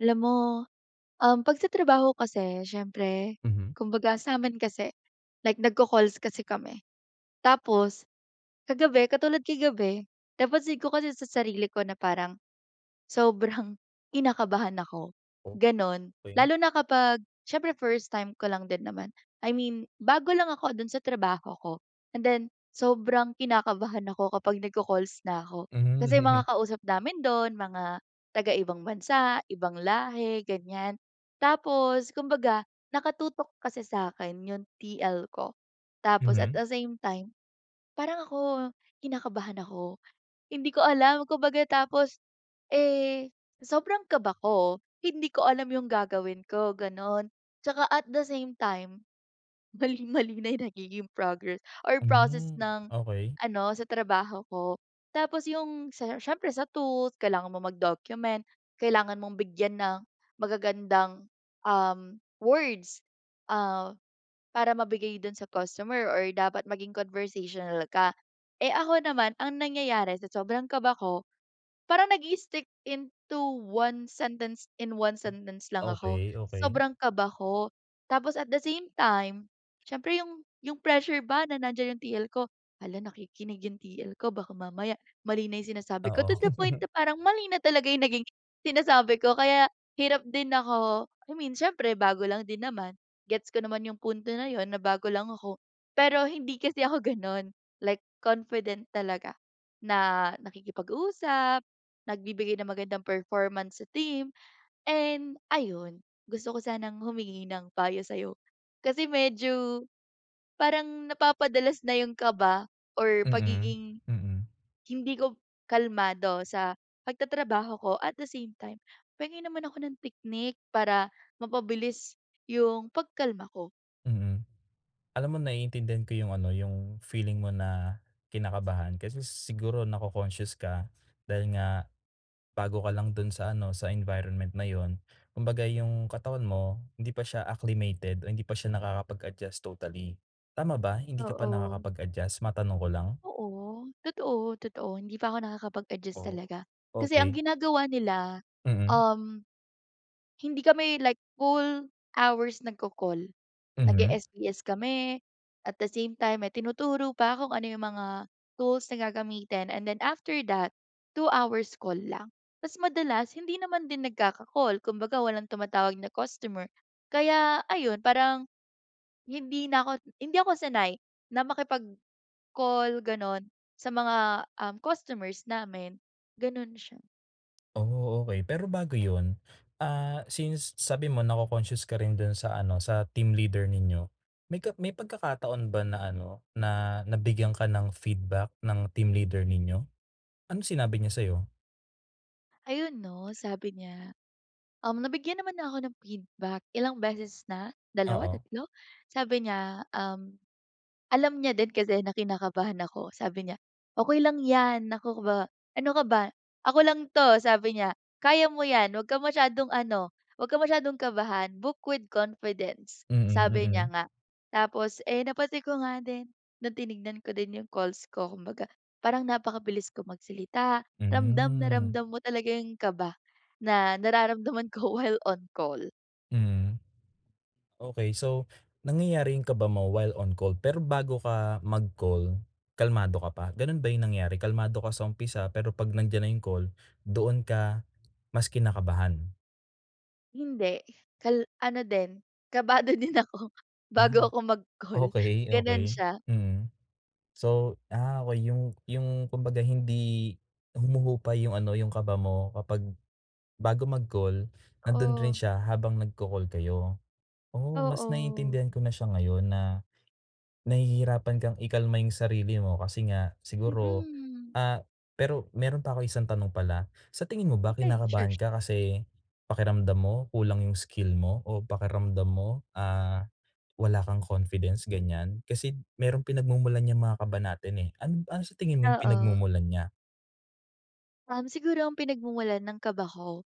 Alam mo, um, pag sa trabaho kasi siyempre, Mhm. kumbaga samin kasi, like nag-ccalls kasi kami. Tapos, kagabi, katulad kagabi, napansin ko kasi sa sarili ko na parang, sobrang kinakabahan ako, ganon. Okey. Lalo na kapag, siyempre 1st time ko lang din naman. I mean, bago lang ako dun sa trabaho ko, and then, sobrang kinakabahan ako kapag nagko-calls na ako. Mhm, Kasi mga kausap namin doon mga taga-ibang bansa, ibang lahi, ganyan. Tapos, kumbaga, naka-tutok kasi sakin yung TL ko. Tapos at Mhm. the same time, parang ako, kinakabahan ako. Hindi ko alam kumbaga tapos, eh, sobrang kaba ko, hindi ko alam yung gagawin ko ganun. Tsaka at the same time, mali-mali na yung nagiging progress, or process Hmm, ng, okey. ano sa trabaho ko. Tapos yung siyempre sa tools, kailangan mong mag-document, kailangan mong bigyan ng magagandang, um, words, ah, para mabigay dun sa customer or dapat maging conversational ka. Eh, ako naman, ang nangyayari sa sobrang kaba ko, parang nag-i-stick into 1 sentence in 1 sentence lang ako. Okey, okey. Sobrang kaba ko, tapos at the same time, siyempre yung yung pressure ba na nandyan yung TL ko. Hala nakikinig yung TL ko baka mamaya, mali na yung sinasabi ko Oo. to the point parang mali nagiging sinasabi ko kaya, hirap din ako, I mean siyempre bago lang din naman, gets ko naman yung punto na yun na bago lang ako. Pero hindi kasi ako ganun, like confident talaga, na nakikipag-usap, nagbibigay ng magandang performance sa team, and ayun, gusto ko sanang humingi ng payo sayo. Kasi medyo, parang napapa-dalas na yun kaba or Mm, pagiging, mm. hindi ko kalmado sa pag-tatrabaho ko at the same time. Penge naman ako ng technique para, mapabilis yung pagkalma ko. Mm. Alam mo naiintindihan ko yung ano, yung feeling mo na kinakabahan, kasi siguro nako-conscious ka, dahil nga, bago ka lang dun sa ano, sa environment na yun. Kumbaga yung katawan mo, hindi pa siya acclimated o hindi pa siya nakakapag-adjust totally. Tama ba? Hindi ka pa Oo. nakakapag adjust? Matanong ko lang. Oo, totoo-totoo hindi pa ako nakakapag adjust Oh, talaga. Kasi ang okey. ginagawa nila, Mm. um, hindi kami like full hours nagko-call. Mhm. Nag-e-SBS kami, at the same time may tinuturo pa kung ano yung mga, tools na gagamitin and then after that, 2 hours call lang. Tas madalas, hindi naman din nagkaka-call, kumbaga walang tumatawag na customer, kaya ayun, parang, hindi na ako, hindi ako sanay na makipag-call ganon, sa mga, um, customers namin, ganon siya. Oh, okey, pero bago yun, ah, since sabi mo na-coconscious ka rin dun sa ano, sa team leader ninyo, may ka may pagkakataon ba na ano, na, nabigyan ka ng feedback ng team leader ninyo? Anong sinabi niya sayo? Ayun, 'no, sabi niya, um, nabigyan naman na ako ng feedback, ilang beses na, 2, Oo. 3. Sabi niya, um, alam niya din kasi na kinakabahan ako, sabi niya, "Okey lang yan, naku ka ba ano ka ba, ako lang 'to", sabi niya, "Kaya mo yan, huwag kang masyadong ano, huwag kang masyadong kabahan, book with confidence", Mm, sabi niya mm. nga. Tapos, eh, napansin ko nga din, no'ng tinignan ko din yung calls ko, kumbaga, parang napakabilis ko magsalita, ramdam na Hmm. ramdam mo talaga yung kaba na nararamdaman ko, while on call. Hmm. Okey, so, nangyayari yung kaba mo, while on call, pero bago ka mag-call, kalmado ka pa? Gano'n ba yung nangyari? Kalmado ka sa umpisa, pero 'pag nandiyan na yung call, doon ka, mas kinakabahan. Hindi, kal ano din, kabado din ako, Ah, bago ako mag-call, okey, gano'n okey, siya. hmm. So, ah, okey, yung yung kumbaga hindi, humuhupa yung ano, yung kaba mo kapag bago mag-call, nando'n rin Oo. siya habang nag-ca-call kayo. Oh, mas Oo. naiintindihan ko na siya ngayon na, nahihirapan kang ikalma yung sarili mo, kasi nga, siguro, Mm. ah, pero meron pa akong isang tanong pala, sa tingin mo ba, Okay, sure, kinakabahan su ka kasi pakiramdam mo kulang yung skill mo, o pakiramdam mo, ah, wala kang confidence, ganyan? Kasi merong pinagmumulan yan mga kaba natin eh. An ano sa tingin mo yung Oo. pinagmumulan niya? Um, siguro ang pinagmumulan ng kaba ko,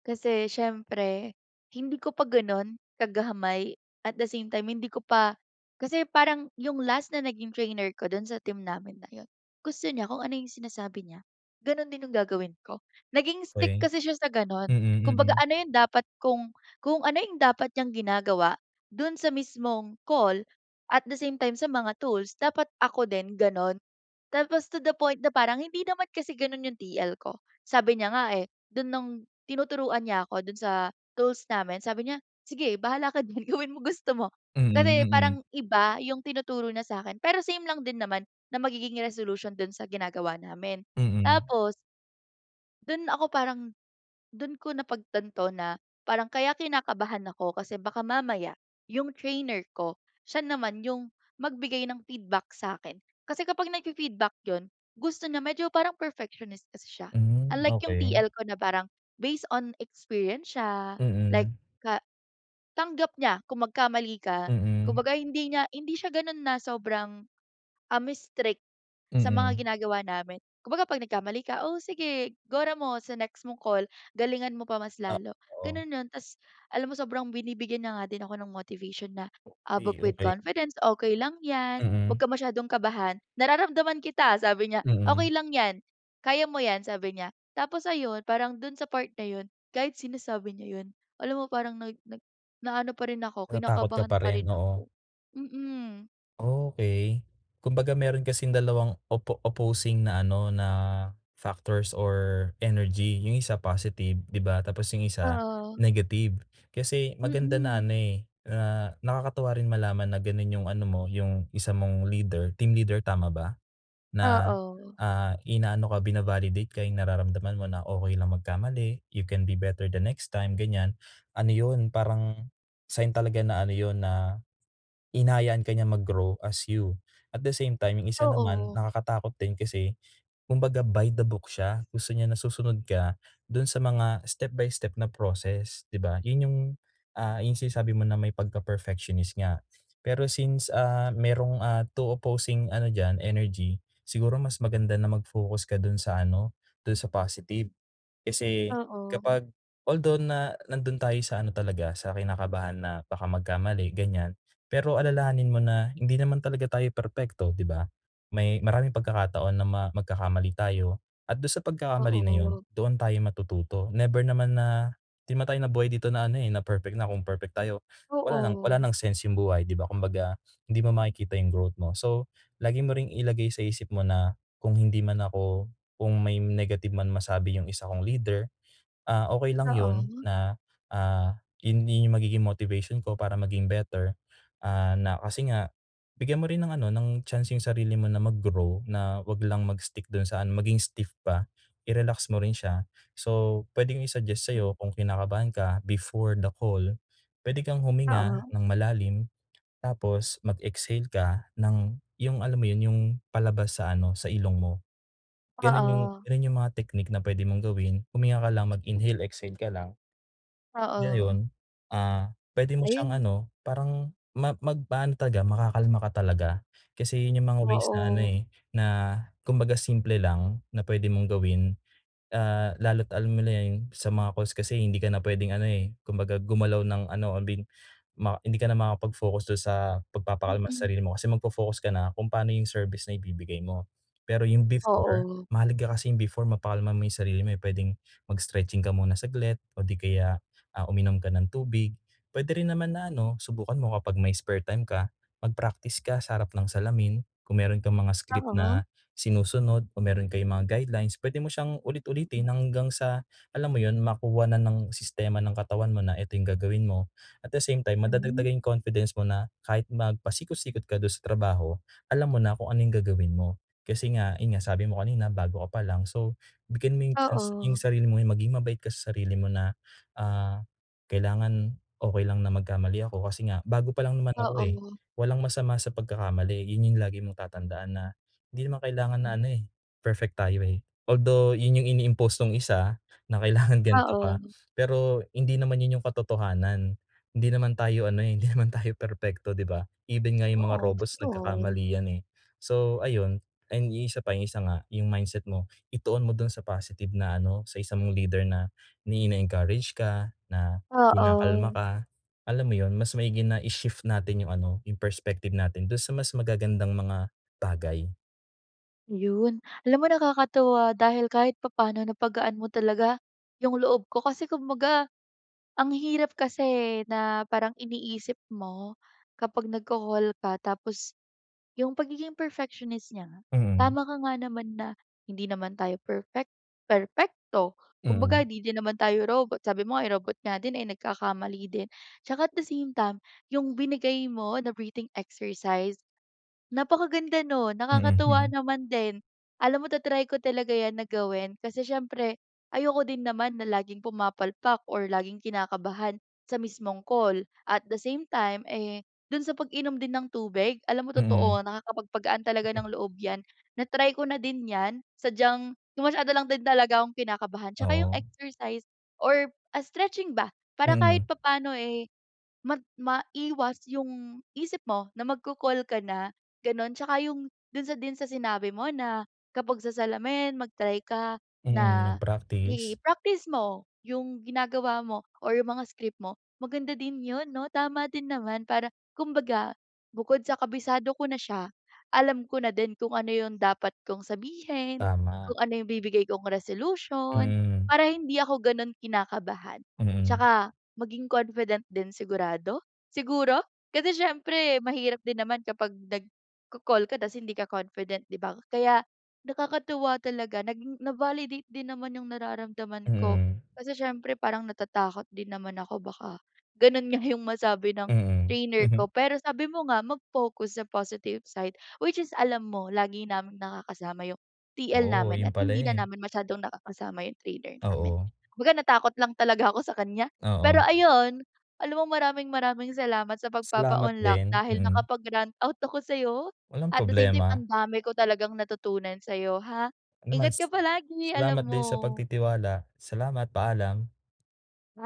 kasi siyempre hindi ko pa gano'n kagamay at the same time hindi ko pa kasi parang yung last na naging trainer ko do'n sa team namin na 'yun, gusto niya kung ano yung sinasabi niya gano'n din yung gagawin ko. Naging stick Okey. kasi siya sa gano'n, Mm, kumbaga mm. ano yung dapat kung, kung ano yung dapat niyang ginagawa do'n sa mismong call, at the same time sa mga tools dapat ako din gano'n. Tapos to the point na parang hindi naman kasi gano'n yung TL ko. Sabi niya nga, eh, do'n nung tinuturuan niya ako do'n sa tools namin sabi niya, "sige bahala ka din gawin mo gusto mo." Mm, Kasi mm. parang iba yung tinuturo niya sakin, pero same lang din naman na magiging resolution do'n sa ginagawa namin. Mm. Tapos do'n ako parang, do'n ko napagtanto na parang kaya kinakabahan ako kasi baka mamaya yung trainer ko siya naman yung magbigay ng feedback sa'kin. Kasi kapag nag-fi-feedback 'yun gusto niya medyo parang perfectionist kasi siya. Hmm, Unlike yung okey. TL ko na parang based on experience siya, like Mm. ka tanggap niya kung magkamali ka. Mm. Kumbaga hindi niya hindi siya gano'n na sobrang, um, strict sa mga Mm. ginagawa namin. Kumbaga 'pag nagkamali ka, "oh, sige gora mo sa next mong call, galingan mo pa mas Ah, lalo." oo. Gano'n 'yun, ta's alam mo sobrang binibigyan niya nga din ako ng motivation na, ah, book Okey, with okey. confidence, "okey lang yan, 'wag Mm. ka masyadong kabahan nararamdaman kita" sabi niya, "okey Mm. lang yan, kaya mo yan" sabi niya. Tapos ayun parang do'n sa part na 'yun kahit sinasabi niya 'yun alam mo parang nag nag naano pa rin ako Natatakot ka kinakabahan pa pa rin? rin Oo. ako, mm. Okey, kumbaga meron kasing dalawang opo opposing na ano, na factors or energy, yung 1, positive, di ba. Tapos yung 1, Oo. negative. Kasi maganda na Mm. ano eh, na nakakatuwa rin malaman na ganun yung ano mo, yung isa mong leader, team leader, tama ba? Na, Oo. ah, inaano ka, bina-validate ka, yung nararamdaman mo na okey lang magkamali, you can be better the next time, ganiyan, ano yun, parang sign talaga na ano yun, na hinahayaan ka niya mag-grow as you. At the same time, yung 1 naman Oo. nakakatakot din kasi kumbaga by the book siya, gusto niya na susunod ka dun sa mga step by step na process, di ba? Yun yung, ah, yung sinasabi mo na may pagka-perfectionist nga. Pero since, ah, merong, ah, 2 opposing ano diyan, energy, siguro mas maganda na mag-focus ka dun sa ano, dun sa positive. Kasi Oo. kapag although na nandun tayo sa ano talaga, sa kinakabahan na baka magkamali, ganiyan. Pero alalahanin mo na hindi naman talaga tayo perpekto, di ba? May maraming pagkakataon na ma magkakamali tayo at dun sa pagkakamali na yun Oo. doon tayo matututo. Never naman na di naman tayo nabuhay dito na ano, eh, na perfect na. Kung perfect tayo wala ng wala Oo. ng sense yung buhay, di ba? Kumbaga hindi mo makikita yung growth mo. So, lagi mo ring ilagay sa isip mo na kung hindi man ako kung may negative man masabi yung isa kong leader, ah, okey lang yun Oo. na, ah, yung din magiging motivation ko para maging better, ah, na kasi nga bigyan mo rin ng ano, ng chance yung sarili mo na mag grow, na 'wag lang mag-stick dun sa ano, maging stiff pa, i-relax mo rin siya. So, puwedeng i-suggest Hmm. sa'yo kung kinakabahan ka before the call, puwede kang huminga Oo. ng malalim tapos mag-exhale ka ng, yung alam mo yun, yung palabas sa ano, sa ilong mo, ganun yung Oo. ganun yung mga technique na puwede mong gawin. Huminga ka lang mag-inhale, exhale ka lang. Oo. Ngayon, ah, puwede mo siyang Ayun. ano, parang ma magpaano talaga, makakalma ka talaga. Kasi yun yung mga ways na ano, Oo. eh, na kumbaga simple lang na puwede mong gawin, ah, lalo't alam nila yun sa mga calls kasi hindi ka na puwedeng ano, eh, kumbaga gumalaw ng ano, abin, ma hindi ka na makapag-focus dun sa pagpapakalma sa Mm. sarili mo. Kasi magfo-focus ka na kung paano yung service na ibibigay mo. Pero yung before, Oo. mahalaga ka kasi yung before mapakalma mo yung sarili mo, eh, puwedeng mag-stretching ka muna saglit o di kaya, ah, uminom ka ng tubig, puwede rin naman na ano, subukan mo kapag may spare time ka, mag-practice ka sa harap ng salamin kung meron kang mga script Oo. na sinusunod o meron kayong mga guidelines, puwede mo syang ulit-ulitin Mm. hanggang sa, alam mo yun, makuha na ng sistema ng katawan mo na ito yung gagawin mo at the same time, Hmm. madadagdagan yung confidence mo na kahit magpasikot-sikot ka dun sa trabaho, alam mo na kung ano yung gagawin mo. Kasi nga, yun nga, sabi mo kanina bago ka palang. So, bigyan mo yung chance yung Oo. sarili mo, maging mabait ka sa sarili mo na, ah, kailangan okey lang na magkamali ako kasi nga bago palang naman ako, eh. Oo. Walang masama sa pagkakamali, yun yung lagi mong tatandaan na hindi naman kailangan Hmm. na ano, eh, perfect tayo, eh. Although yun yung ini-impost nung 1 na kailangan ganito Oo. ka pero hindi naman yun yung katotohanan. Hindi naman tayo ano, eh, hindi naman tayo perpekto, di ba? Even nga yung mga Oo, robots totoo. nagkakamali yan, eh. So, ayun, ayun, yung 1 pa, yung 1 nga, yung mindset mo ituon mo dun sa positive na ano, sa 1 mong leader na na ini-encourage ka, na kinakalma Oo. ka, alam mo yun, mas maigi na i-shift natin yung ano, yung perspective natin dun sa mas magagandang mga bagay. Ayun, alam mo nakakatuwa dahil kahit papaano napagaan mo talaga 'yung loob ko kasi kumbaga, ang hirap kasi, eh, na parang iniisip mo, kapag nagko-call ka tapos 'yung pagiging perfectionist niya nga. Mm. Tama ka nga naman, na hindi naman tayo perfect, perpekto. Kumbaga Mm. hindi din naman tayo robot, sabi mo nga eh, robot nga din ay nagkakamali din. Tsaka at the same time 'yung binigay mo na breathing exercise, napakaganda nun, nakakatuwa Mm. naman din. Alam mo ta-try ko talaga 'yan na gawin kasi siyempre ayoko din naman na laging pumapalpak or laging kinakabahan sa mismong call. At the same time, eh, do'n sa pag-inom din ng tubig, alam mo Mm. totoo na nakakapagpagaan talaga ng loob 'yan. Na-try ko na din 'yan sadyang masyado lang din talaga akong kinakabahan. Tsaka 'yung Oo. exercise or stretching ba, para Mm. kahit papaano, eh, mag maiwas 'yung isip mo na magko-call ka na, gano'n. Tsaka 'yung do'n sa din sa sinabi mo na kapag sa salamin mag-try ka Mm, na nag-practice. i-practice mo 'yung ginagawa mo or 'yung mga script mo maganda din 'yun, 'no. Tama din naman para kumbaga bukod sa kabisado ko na siya, alam ko na din kung ano 'yung dapat kong sabihin, Tama. kung ano 'yung bibigay kong resolution, Mm. para hindi ako gano'n kinakabahan. Mm. Tsaka maging confident din sigurado, siguro, kasi siyempre mahirap din naman kapag nagko-call ka tas hindi ka confident, di ba? Kaya nakakatuwa talaga naging na-validate din naman 'yung nararamdaman ko. Mm. Kasi siyempre parang natatakot din naman ako baka gano'n nga 'yung masabi ng Mm. trainer ko. Pero sabi mo nga, mag-focus sa positive side which is alam mo lagi naming nakakasama 'yung TL Oh, namin 'yun at pala, hindi na eh. namin masyadong nakakasama 'yung trainor namin. Oo. Kumbaga natakot lang talaga ako sa kaniya. Pero Oo. ayun, alam mo, maraming-maraming salamat sa Salamat pagpapaunlak din, dahil mm. nakapag-rant out ako sa'yo, Walang at the same time problema. ang dami ko talagang natutunan sa'yo, ha. Anuman Ingat ka s palagi alam Salamat din sa mo. pagtitiwala, salamat paalam. Ay